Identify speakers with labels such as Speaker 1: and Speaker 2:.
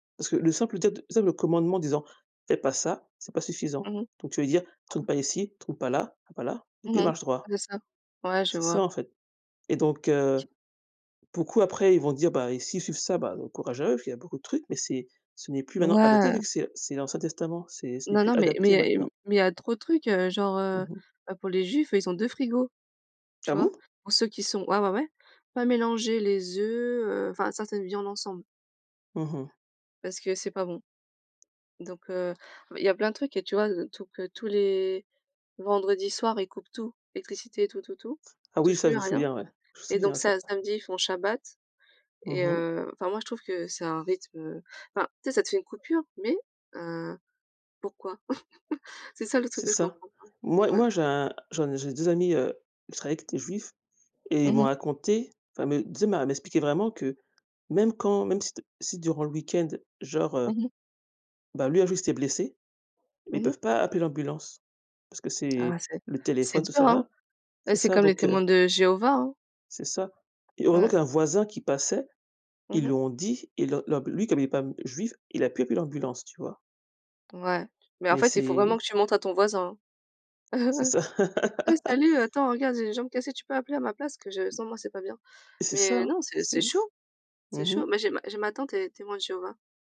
Speaker 1: Parce que le simple, peut-être, tu sais, le commandement disant: «Fais pas ça, c'est pas suffisant».
Speaker 2: Mmh mh.
Speaker 1: Donc tu vas dire: «Tourne
Speaker 2: Quoi?
Speaker 1: pas ici, tourne pas là, tourne pas là» donc
Speaker 2: Mmh
Speaker 1: il
Speaker 2: mh.
Speaker 1: marche droit
Speaker 2: C'est ça. Ouais, je
Speaker 1: c'est ça,
Speaker 2: vois.
Speaker 1: en fait et donc heu, beaucoup, après, ils vont dire: «Bah s'ils suivent ça, bah, courage à eux» parce qu'il y a beaucoup de trucs, mais c'est ce n'est plus, maintenant, adapté, vu
Speaker 2: Ouais.
Speaker 1: que c'est c'est l'Ancien Testament. C'est ce n'est
Speaker 2: Non,
Speaker 1: plus
Speaker 2: non, mais
Speaker 1: adapté
Speaker 2: mais mmh,
Speaker 1: maintenant.
Speaker 2: mais il y a trop de trucs, heu, genre,
Speaker 1: Mmh
Speaker 2: heu
Speaker 1: mh.
Speaker 2: heu, pour les juifs, ils ont 2 frigos. Tu
Speaker 1: Ah
Speaker 2: vois?
Speaker 1: bon?
Speaker 2: Pour ceux qui sont ah ouais, ouais, pas mélanger les œufs, heu, enfin, ça ça devient l'ensemble
Speaker 1: Mmh mh.
Speaker 2: parce que c'est pas bon. Donc heu, ah, bah, il y a plein de trucs et tu vois heu, tout pe tous les vendredis soirs, ils coupent tout, l'électricité, tout, tout, tout.
Speaker 1: Ah,
Speaker 2: Ils
Speaker 1: oui,
Speaker 2: touchent
Speaker 1: ça, je
Speaker 2: plus
Speaker 1: me
Speaker 2: à rien
Speaker 1: souviens, ouais. Je me
Speaker 2: et donc
Speaker 1: souviens ça.
Speaker 2: sa samedi, ils font shabbat
Speaker 1: Mmh
Speaker 2: et
Speaker 1: mh.
Speaker 2: heu, enfin, moi, je trouve que c'est un rythme, heu, enfin, tu sais, ça te fait une coupure mais heu, pourquoi? C'est ça le truc
Speaker 1: C'est
Speaker 2: que je
Speaker 1: ça.
Speaker 2: comprends pas.
Speaker 1: Moi,
Speaker 2: Ouais.
Speaker 1: moi, j'ai un j'en j'ai 2 amis, heu, je travaille avec des juifs et ils
Speaker 2: Mmh
Speaker 1: m'ont
Speaker 2: mh.
Speaker 1: raconté, enfin, mais, tu sais, elle m'a elle m'expliquait vraiment que même quand même si t si, durant le week-end, genre, heu,
Speaker 2: Mmh mh.
Speaker 1: bah, lui, un jour, il s'était blessé, mais ils
Speaker 2: Mmh mh.
Speaker 1: peuvent pas appeler l'ambulance parce que
Speaker 2: Ah, ouais,
Speaker 1: c'est
Speaker 2: c'est
Speaker 1: le
Speaker 2: c'est
Speaker 1: téléphone, tout
Speaker 2: dur,
Speaker 1: ça,
Speaker 2: hein?
Speaker 1: là.
Speaker 2: Bah,
Speaker 1: C'est
Speaker 2: c'est
Speaker 1: ça
Speaker 2: comme les
Speaker 1: donc heu
Speaker 2: témoins de Jéhovah, hein.
Speaker 1: c'est ça et heureusement
Speaker 2: Ouais.
Speaker 1: qu'il y a un voisin qui passait.
Speaker 2: Mmh
Speaker 1: Ils
Speaker 2: mh.
Speaker 1: lui ont dit, ils le leur lui, comme il est pas, mmh, juif, il a pu appeler l'ambulance, tu vois?
Speaker 2: Ouais mais en
Speaker 1: Mais
Speaker 2: fait, il faut
Speaker 1: c'est
Speaker 2: vraiment que tu montres à ton voisin, hein:
Speaker 1: C'est ça.
Speaker 2: «Ah, salut! Attends, regarde, j'ai une jambe cassée, tu peux appeler à ma place que je sens, moi, c'est pas bien».
Speaker 1: C'est
Speaker 2: Mais
Speaker 1: ça,
Speaker 2: non, c'est
Speaker 1: c'est
Speaker 2: c'est
Speaker 1: ouf.
Speaker 2: chaud, c'est
Speaker 1: Mmh mh.
Speaker 2: chaud, mais j'ai j'ai ma tante, elle est témoin de Jéhovah.